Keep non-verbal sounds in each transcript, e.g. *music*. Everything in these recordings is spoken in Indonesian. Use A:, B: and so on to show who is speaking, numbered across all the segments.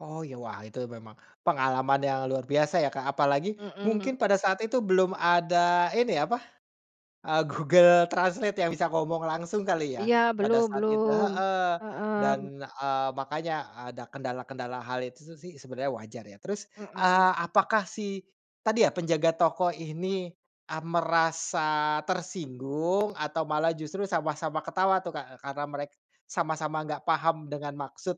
A: Oh, iya. Wah, itu memang pengalaman yang luar biasa ya, Kak, apalagi mungkin
B: Mhm.
A: pada saat itu belum ada ini, apa, eee, Google Translate yang bisa ngomong langsung kali ya
B: Iya,
A: pada
B: belum
A: saat itu,
B: belum.
A: heeh, dan,
B: Mhm.
A: eee, makanya ada kendala-kendala hal itu su sih sebenarnya wajar ya. Terus, eee,
B: Mhm.
A: apakah si, tadi ya, penjaga toko ini, ah, merasa tersinggung atau malah justru sama-sama ketawa tuh, Kak? Eee, karena mereka sama-sama enggak paham dengan maksud,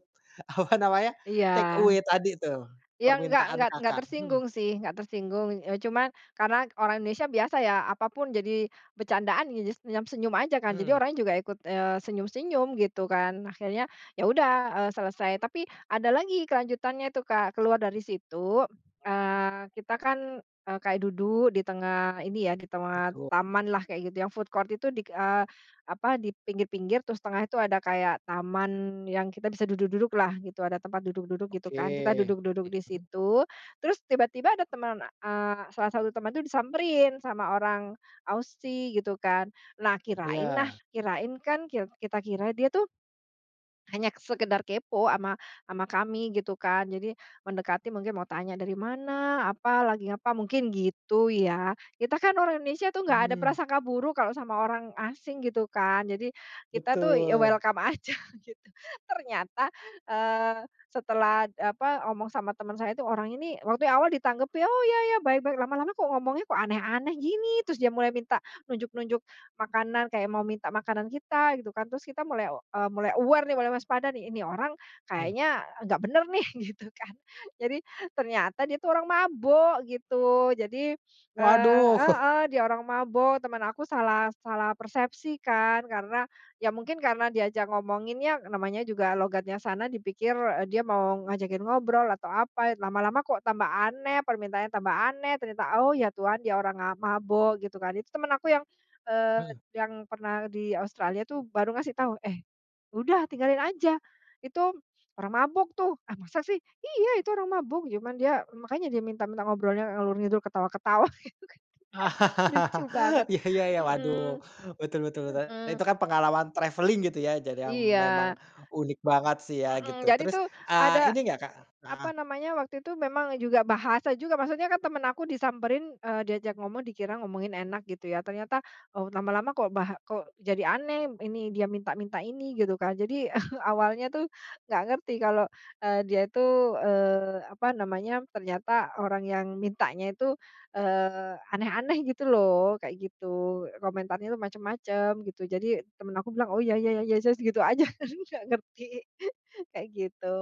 A: apa namanya
B: Iya.
A: take away tadi tuh,
B: Iya enggak
A: permintaan
B: enggak enggak
A: Kakak? Hmm.
B: tersinggung sih, enggak tersinggung. Eee, cuman karena orang Indonesia biasa ya apapun jadi bercandaan ya jadi senyam-senyum aja kan, jadi
A: Mmm.
B: orangnya juga ikut, eee, senyum-senyum gitu kan. Akhirnya ya udah, eee, selesai, tapi ada lagi kelanjutannya itu, Kak. Keluar dari situ, eee, kita kan, eee, kayak duduk di tengah ini ya, di tengah
A: Duduk.
B: tamanlah kayak gitu yang food court itu dik eee, apa, di pinggir-pinggir terus tengah itu ada kayak taman yang kita bisa duduk-duduklah gitu, ada tempat duduk-duduk gitu kan. Kita
A: Oke.
B: duduk-duduk di
A: Mhm.
B: situ terus tiba-tiba ada teman eee, salah satu teman tuh disamperin sama orang Aussie gitu kan. Nah, kirain nah,
A: Iya.
B: kirain kan kir kita kira dia tuh hanya sekedar kepo ama ama kami gitu kan. Jadi mendekati mungkin mau tanya dari mana, apa lagi apa, mungkin gitu ya. Kita kan orang Indonesia tuh enggak ada
A: Mmm.
B: prasangka buruk kalau sama orang asing gitu kan. Jadi kita tuh ya
A: Betul.
B: welcome aja gitu, ternyata, eee, setelah, apa, ngomong sama teman saya itu, "Orang ini" waktu yang awal ditanggep, "Oh, iya iya baik baik." Lama-lama kok ngomongnya kok aneh-aneh gini, terus dia mulai minta nunjuk-nunjuk makanan, kayak mau minta makanan kita gitu kan, terus kita mulai o eee, mulai aware nih, mulai waspada nih, "Ini orang
A: Hmm.
B: kayaknya enggak benar nih." Gitu kan. Jadi ternyata dia itu orang mabuk gitu. Jadi, eee
A: Waduh. *chuckles*
B: heeh, dia orang mabuk. Teman aku salah salah persepsi kan karena ya mungkin karena diajak ngomonginnya namanya juga logatnya sana, dipikir, eee, dia mau ngajakin ngobrol atau apa, eh, lama-lama kok tambah aneh, permintaannya tambah aneh, ternyata, "Oh, ya Tuhan dia orang, ah, mabuk." Gitu kan. Itu teman aku yang, eee,
A: Hmm.
B: yang pernah di Australia tuh baru ngasih tahu, "Eh, udah tinggalin aja. Itu orang mabuk tuh." "Ah, masa sih?" "Iya. Itu orang mabuk, cuman dia makanya dia minta minta ngobrolnya ngalor-ngidul ketawa-ketawa." *laughs* Lucu banget.
A: *laughs* Iya iya iya, waduh.
B: Mhm.
A: Betul betul betul.
B: Mhm.
A: Itu kan pengalaman travelling gitu ya, jadi yang memang
B: Iya.
A: unik banget sih ya gitu.
B: Mhm. Jadi
A: Terus,
B: tuh
A: eee, ini
B: ada,
A: gak Kak
B: apa
A: heeh.
B: namanya, waktu itu memang juga bahasa juga, maksudnya kan teman aku disamperin, eee, diajak ngomong dikira ngomongin enak gitu ya, ternyata, oh, lama-lama kok baha kok jadi aneh, ini dia minta-minta ini gitu kan. Jadi *chuckles* awalnya tuh enggak ngerti kalau, eee, dia itu, eee, apa namanya, ternyata orang yang mintanya itu, eee, aneh-aneh gitu loh, kayak gitu. Komentarnya itu macam-macam gitu, jadi teman aku bilang, "Oh, iya iya iya, yes yes." Gitu aja tapi enggak ngerti, *laughs* kayak gitu.